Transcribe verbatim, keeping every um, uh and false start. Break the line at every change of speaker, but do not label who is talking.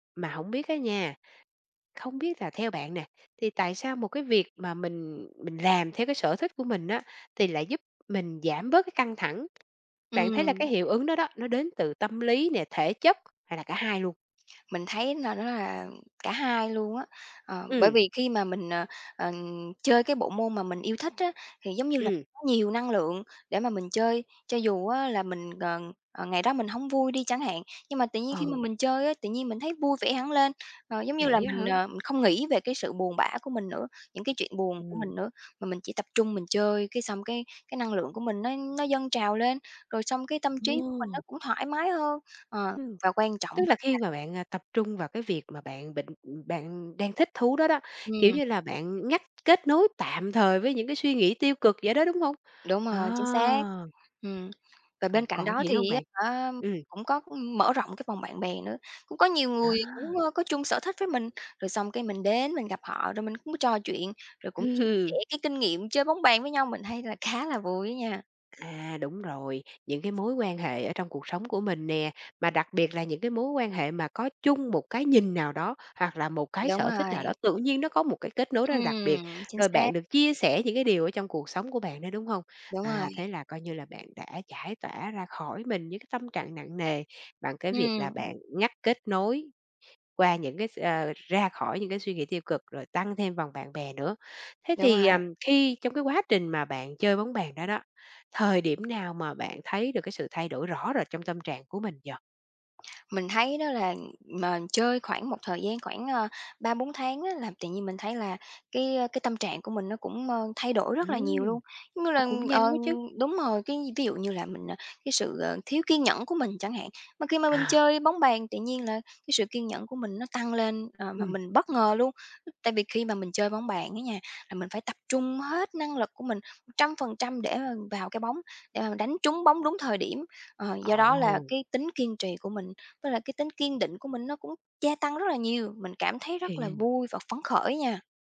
Mà hổng biết á nha, không biết là theo bạn nè, thì tại sao một cái việc mà mình mình làm theo cái sở thích của mình á, thì lại giúp mình giảm bớt cái căng thẳng? Bạn thấy là
Ừm.
cái hiệu ứng đó đó, nó đến từ tâm lý nè, thể chất hay là cả hai luôn?
Mình thấy nà nó là cả hai luôn á, ờ, bởi
Ừm.
vì khi mà mình, ờ, ờ, chơi cái bộ môn mà mình yêu thích á, thì giống như là
Ừm.
nó nhiều năng lượng để mà mình chơi. Cho dù á là mình, ờ, ờ, ngày đó mình hông vui đi chẳng hạn, nhưng mà tự nhiên khi
Ờ.
mà mình chơi á, tự nhiên mình thấy vui vẻ hẳn lên. Ờ, giống như là
Vậy á
mình,
hả?
ờ, mình không nghĩ về cái sự buồn bã của mình nữa, những cái chuyện buồn của
Ừm.
mình nữa, mà mình chỉ tập trung mình chơi, cái xong cái cái năng của mình nó nó dâng trào lên, rồi xong cái tâm trí của mình nó
Wow.
cũng thoải mái hơn, ờ,
Ừm.
và quan trọng
Tức là
á là
khi mà bạn, a, tập trung vào cái việc mà bạn bệnh ừm, bạn đang thích thú đó đó, kiểu
Ừm.
như là, bạn ngắt kết nối tạm thời với những cái suy nghĩ tiêu cực vậy đó, đúng hông?
Đúng
À.
rồi, chính xác. Ừm. Và
Còn
bên cạnh
còn
đó
gì nữa hông
thì á
bạn?
hả
Ừm.
cũng có, ưm, mở rộng cái vòng bạn bè nữa. Cũng có nhiều người cũng,
À.
ơ, có chung sở thích với mình, rồi xong cái mình đến mình gặp họ rồi mình cũng trò chuyện, rồi cũng chia sẻ
Ừm.
cái kinh nghiệm chơi bóng bàn với nhau, mình thấy là khá là vui á nha.
À, đúng rồi. Những cái mối quan hệ ở trong cuộc sống của mình nè, mà đặc biệt là những cái mối quan hệ mà có chung một cái nhìn nào đó, hoặc là một cái
Đúng
sở thích nào đó,
rồi.
tự nhiên nó có một cái kết nối rất là đặc biệt.
Ừm, chính
Rồi
xác.
bạn được chia sẻ những cái điều ở trong cuộc sống của bạn nữa, đúng hông?
Đúng
À,
rồi.
thế là coi như là bạn đã giải tỏa ra khỏi mình những cái tâm trạng nặng nề, bằng cái việc là
Ừm.
bạn ngắt kết nối qua những cái s ơ ra khỏi những cái suy nghĩ tiêu cực rồi tăng thêm vòng bạn bè nữa. Thế
Đúng
thì,
rồi.
ờm, khi trong cái quá trình mà bạn chơi bóng bàn đó đó, thời điểm nào mà bạn thấy được cái sự thay đổi rõ rệt trong tâm trạng của mình vậy?
Mình thấy đó là mà chơi khoảng một thời gian khoảng, ơ, ba bốn tháng á là tự nhiên mình thấy là cái, ơ, cái tâm trạng của mình nó cũng, ơ, thay đổi rất là nhiều
Ừm.
luôn. Mỗi
Nó cũng
lần,
nhanh
ờ
quá chứ.
đúng rồi, cái ví dụ như là mình, à, cái sự, ờ, thiếu kiên nhẫn của mình chẳng hạn, mà khi mà mình
À.
chơi bóng bàn, tự nhiên là cái sự kiên nhẫn của mình nó tăng lên, ờ, mà
Ừm.
mình bất ngờ luôn. Tại vì khi mà mình chơi bóng bàn á nha, là mình phải tập trung hết năng lực của mình một trăm phần trăm để mà vào cái bóng, để mà mình đánh trúng bóng đúng thời điểm. Ờ, do đó là
Ồ.
cái tính kiên trì của mình, với lại cái tính kiên định của mình nó cũng gia tăng rất là nhiều, mình cảm thấy
Hay
rất là
nghen.
vui và phấn khởi nha.